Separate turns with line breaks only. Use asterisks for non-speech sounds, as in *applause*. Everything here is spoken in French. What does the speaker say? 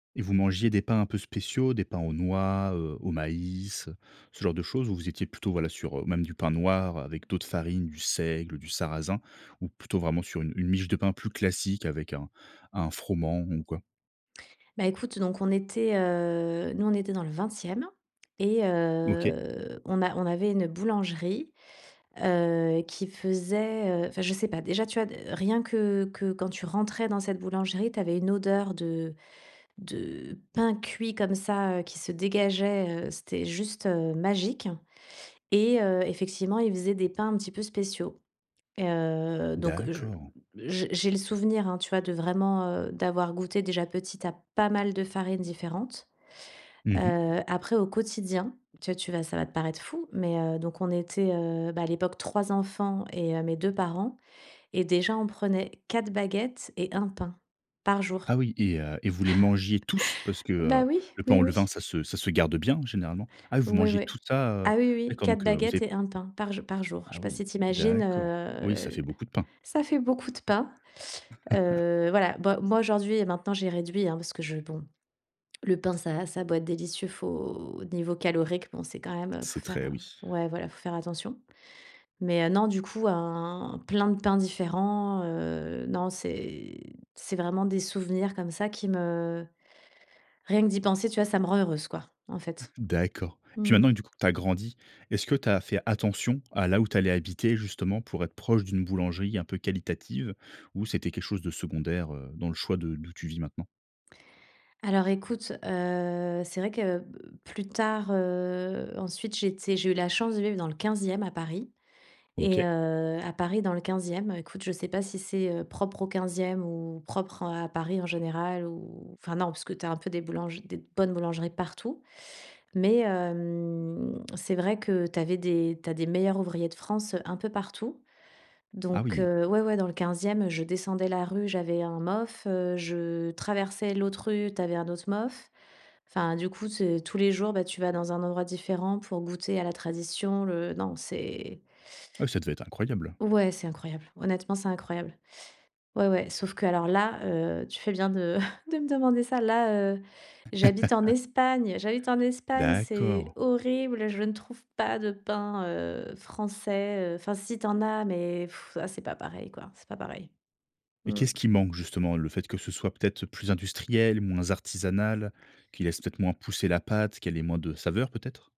Et vous mangiez des pains un peu spéciaux, des pains aux noix, heu, au maïs, heu, ce genre de choses? Où vous étiez plutôt voilà sur, heu, même du pain noir avec d'autres farines, du seigle, du sarrasin, ou plutôt vraiment sur une une miche de pain plus classique avec un un froment, ou quoi?
Beh écoute, donc on était, heu, nous, on était dans le 20e et
OK.
heu, on a on avait une boulangerie, heu, qui faisait, heu enfin je sais pas, déjà, tu as rien que que quand tu rentrais dans cette boulangerie, tu avais une odeur de de pain cuit comme ça, heu, qui se dégageait, heu, c'était juste, heu, magique, et heu, effectivement, ils faisaient des pains un petit peu spéciaux. Et heu, donc je
D'accord!
j'ai j'ai le souvenir hein, tu vois, de vraiment, heu, d'avoir goûté déjà petit a pas mal de farine différentes.
Mmh mh.
Heu, après, au quotidien, tu vois, ça va te paraître fou, mais, heu, donc on était, heu, à l'époque 3 enfants et heu, mes 2 parents. Et déjà on prenait 4 baguettes et 1 pain par jour.
Ah oui, et heu, vous les mangiez tous? Parce que, heu,
Ben oui.
le pain
Oui,
au levain,
oui.
ça se ça se garde bien généralement. Ah, vous
Oui,
mangez
oui.
tout ça, heu?
Ah oui, oui,
D'accord
4
donc, heu, vous
baguettes
avez
et 1 pain par jou par jour. Je sais
Ah
pas
oui!
si tu imagines, heu,
D'accord. Oui, ça fait
l
beaucoup de pain.
ça fait beaucoup de pain.
*chuckles*
Heu, voilà. Bah moi aujourd'hui et maintenant j'ai réduit, hein, parce que je bon, le pain, ça va ça a beau être délicieux, faut niveau calorique, bon, c'est quand même, il faut
C'est très
faire
oui.
ouais voilà, il faut faire attention. Mais, heu, non, du coup, hein, plein de pains différents, heu. Non, c'est c'est vraiment des souvenirs comme ça qui me rien que d'y penser, tu vois, ça me rend heureuse, quoi, en fait.
D'accord. Et puis
Mmh
maintenant,
mh.
du coup, que tu as grandi. Est-ce que tu as fait attention à là où tu allais habiter, justement pour être proche d'une boulangerie un peu qualitative ou c'était quelque chose de secondaire, heu, dans le choix de d'où tu vis maintenant?
Alors écoute, heu, c'est vrai que plus tard, heu, ensuite, j'étais j'ai eu la chance de vivre dans le 15e à Paris et
OK.
heu, à Paris dans le 15e, écoute, je sais pas si c'est, heu, propre au 15e ou propre, heu, à Paris en général, ou enfin, non, parce que tu as un peu des boulangers des bonnes boulangeries partout. Mais hem, c'est vrai que tu avais des tu as des Meilleurs ouvriers de France un peu partout.
Ah
Donc,
oui!
heu, oui oui, dans le 15e, je descendais la rue, j'avais un MOF, heu, je traversais l'autre rue, tu avais un autre MOF. Enfin du coup, ce tous les jours, ben tu vas dans un endroit différent pour goûter à la tradition le Non, c'est
Ouais, ça devait être incroyable!
Ouais, c'est incroyable. Honnêtement, c'est incroyable. Ouais, ouais. Sauf que alors là, heu, tu fais bien de *chuckles* de me demander ça. Là, heu, j'habite en
*chuckles*
Espagne. J'habite en Espagne, c'est
D'accord.
horrible. Je ne trouve pas de pain, heu, français. Enfin, si, tu en as, mais *blows air* ah, c'est pas pareil, quoi, c'est pas pareil.
Et qu'est ce
Mmh.
qui manque, justement? Le fait que ce soit peut être plus industriel, moins artisanal, qui laisse peut moins pousser la pâte, qu'elle ait moins de saveurs, peut être?